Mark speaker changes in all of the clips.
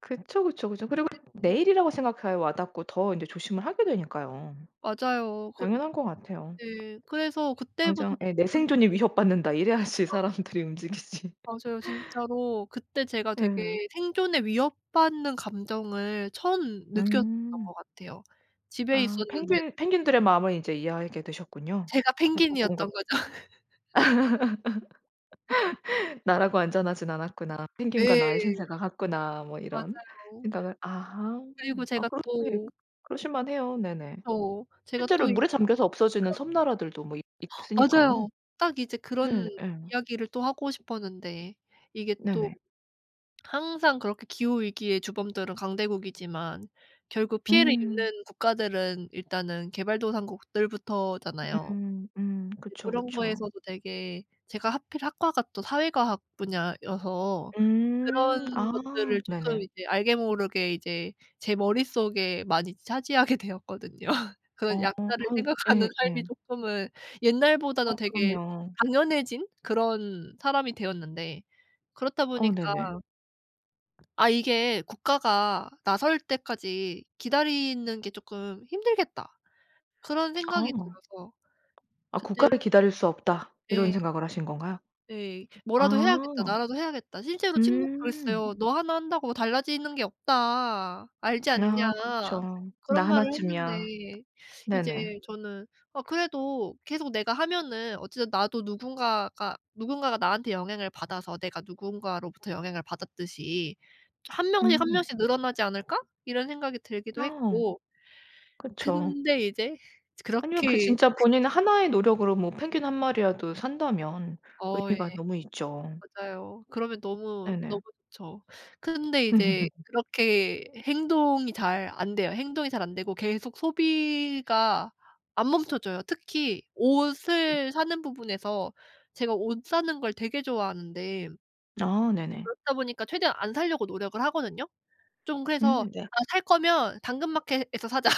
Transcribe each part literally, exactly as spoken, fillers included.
Speaker 1: 그쵸, 그쵸, 그쵸. 그리고
Speaker 2: 네.
Speaker 1: 내 일이라고 생각해야 와 닿고 더 인제 조심을 하게 되니까요.
Speaker 2: 맞아요. 그
Speaker 1: 당연한 것 같아요.
Speaker 2: 네. 그래서 그때부터
Speaker 1: 당장 예 "내
Speaker 2: 쪼끔씩
Speaker 1: 생존이 위협받는다." 이래야지
Speaker 2: 어.
Speaker 1: 사람들이 움직이지.
Speaker 2: 맞아요. 진짜로 그때 제가 되게
Speaker 1: 예.
Speaker 2: 생존의 위협받는 감정을 처음 느꼈었던
Speaker 1: 음.
Speaker 2: 것 같아요. 집에
Speaker 1: 아.
Speaker 2: 있었는데
Speaker 1: 펭귄 펭귄들의 마음을 이제 이해하게 되셨군요.
Speaker 2: 제가
Speaker 1: 그 북극곰과
Speaker 2: 펭귄이었던 거죠.
Speaker 1: '나라고 안전하진 않았구나. 펭귄과 나의
Speaker 2: 예.
Speaker 1: 신세가 같구나.' 뭐 이런
Speaker 2: 맞아요.
Speaker 1: 생각을. 아하.
Speaker 2: 그리고
Speaker 1: 아
Speaker 2: 제가
Speaker 1: 그렇 예.
Speaker 2: 또
Speaker 1: 그러실 만해요. 네네.
Speaker 2: 그쵸. 제가
Speaker 1: 실제로
Speaker 2: 또 이
Speaker 1: 물에 잠겨서 없어지는
Speaker 2: 그
Speaker 1: 섬나라들도 뭐 있 있으니까요.
Speaker 2: 맞아요. 딱 이제 그런
Speaker 1: 네. 예.
Speaker 2: 이야기를 또 하고 싶었는데 이게 또
Speaker 1: 네네.
Speaker 2: 항상 그렇게 기후 위기의 주범들은 강대국이지만 결국 피해를
Speaker 1: 음.
Speaker 2: 입는 국가들은 일단은 개발도상국들부터잖아요.
Speaker 1: 음 음.
Speaker 2: 네.
Speaker 1: 그쵸,
Speaker 2: 그런
Speaker 1: 그쵸.
Speaker 2: 거에서도 되게 제가 하필 학과가 또 사회과학 분야여서 그런
Speaker 1: 음. 아.
Speaker 2: 것들을 쪼끔
Speaker 1: 네네.
Speaker 2: 이제 알게 모르게 이제 제 머릿속에 많이 차지하게 되었거든요. 그런
Speaker 1: 어.
Speaker 2: 약자를
Speaker 1: 아유.
Speaker 2: 생각하는
Speaker 1: 예 예.
Speaker 2: 삶이 쪼끔은
Speaker 1: 어
Speaker 2: 옛날보다는 되게
Speaker 1: 그럼요.
Speaker 2: 당연해진 그런 사람이 되었는데 그렇다
Speaker 1: 어
Speaker 2: 보니까
Speaker 1: 네네.
Speaker 2: '아 이게 국가가 나설 때까지 기다리는 게 쪼끔 힘들겠다.' 그런 생각이
Speaker 1: 어.
Speaker 2: 들어서
Speaker 1: 아
Speaker 2: 그때
Speaker 1: '국가를 기다릴 수 없다.' 이런
Speaker 2: 예.
Speaker 1: 생각을 하신 건가요?
Speaker 2: 예. '뭐라도 해야겠다.
Speaker 1: 아.
Speaker 2: 나라도 해야겠다.' 실제로 친구가
Speaker 1: 음.
Speaker 2: 그랬어요. "너 하나 한다고 달라지는 게 없다. 알지 않냐?"
Speaker 1: 아 그쵸.
Speaker 2: 그런
Speaker 1: 나
Speaker 2: 말을
Speaker 1: 하나쯤이야.
Speaker 2: 했는데 이제
Speaker 1: 네네.
Speaker 2: 저는 아 그래도 계속 내가 하면은 어쨌든 나도 누군가가 누군가가 나한테 영향을 받아서 내가 누군가로부터 영향을 받았듯이 '한 명씩 한
Speaker 1: 음.
Speaker 2: 명씩 늘어나지 않을까?' 이런 생각이 들기도
Speaker 1: 어.
Speaker 2: 했고.
Speaker 1: 그쵸.
Speaker 2: 근데 이제
Speaker 1: 아니면 그
Speaker 2: 그렇게
Speaker 1: 진짜 본인 하나의 노력으로 뭐 펭귄 한 마리라도 산다면
Speaker 2: 어 예.
Speaker 1: 의미가 너무 있죠.
Speaker 2: 맞아요. 그러면 너무, 너무
Speaker 1: 네네.
Speaker 2: 좋죠. 근데 이제 그렇게 행동이 잘 안 돼요. 행동이 잘 안 되고 계속 소비가 안 멈춰져요. 특히
Speaker 1: 네.
Speaker 2: 옷을 사는 부분에서 제가 옷 사는 걸 되게 좋아하는데
Speaker 1: 아 네네.
Speaker 2: 그렇다 보니까 최대한 안 사려고 노력을 하거든요. 좀 그래서
Speaker 1: 음 네.
Speaker 2: '아 살 거면 당근마켓에서 사자.'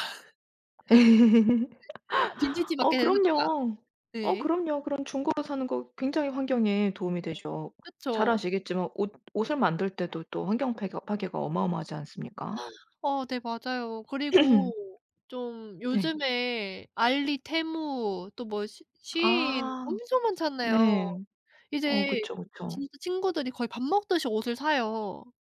Speaker 2: 네. '아 빈티지
Speaker 1: 어
Speaker 2: 마켓에서 사든가.'
Speaker 1: 그럼요. 어
Speaker 2: 네.
Speaker 1: 그럼요. 그런 중고로 사는 거 굉장히 환경에 도움이 되죠. 잘
Speaker 2: 그쵸.
Speaker 1: 아시겠지만 옷 옷을 만들 때도 또 환경 패괴 파괴가 어마어마하지 않습니까?
Speaker 2: 어 네. 맞아요. 그리고 좀
Speaker 1: 네.
Speaker 2: 요즘에 알리, 테무 또 뭐 시 쉬인
Speaker 1: 아
Speaker 2: 엄청 많잖아요.
Speaker 1: 네. 어
Speaker 2: 이제
Speaker 1: 그쵸, 그쵸.
Speaker 2: 진짜 친구들이 거의 밥 먹듯이 옷을 사요.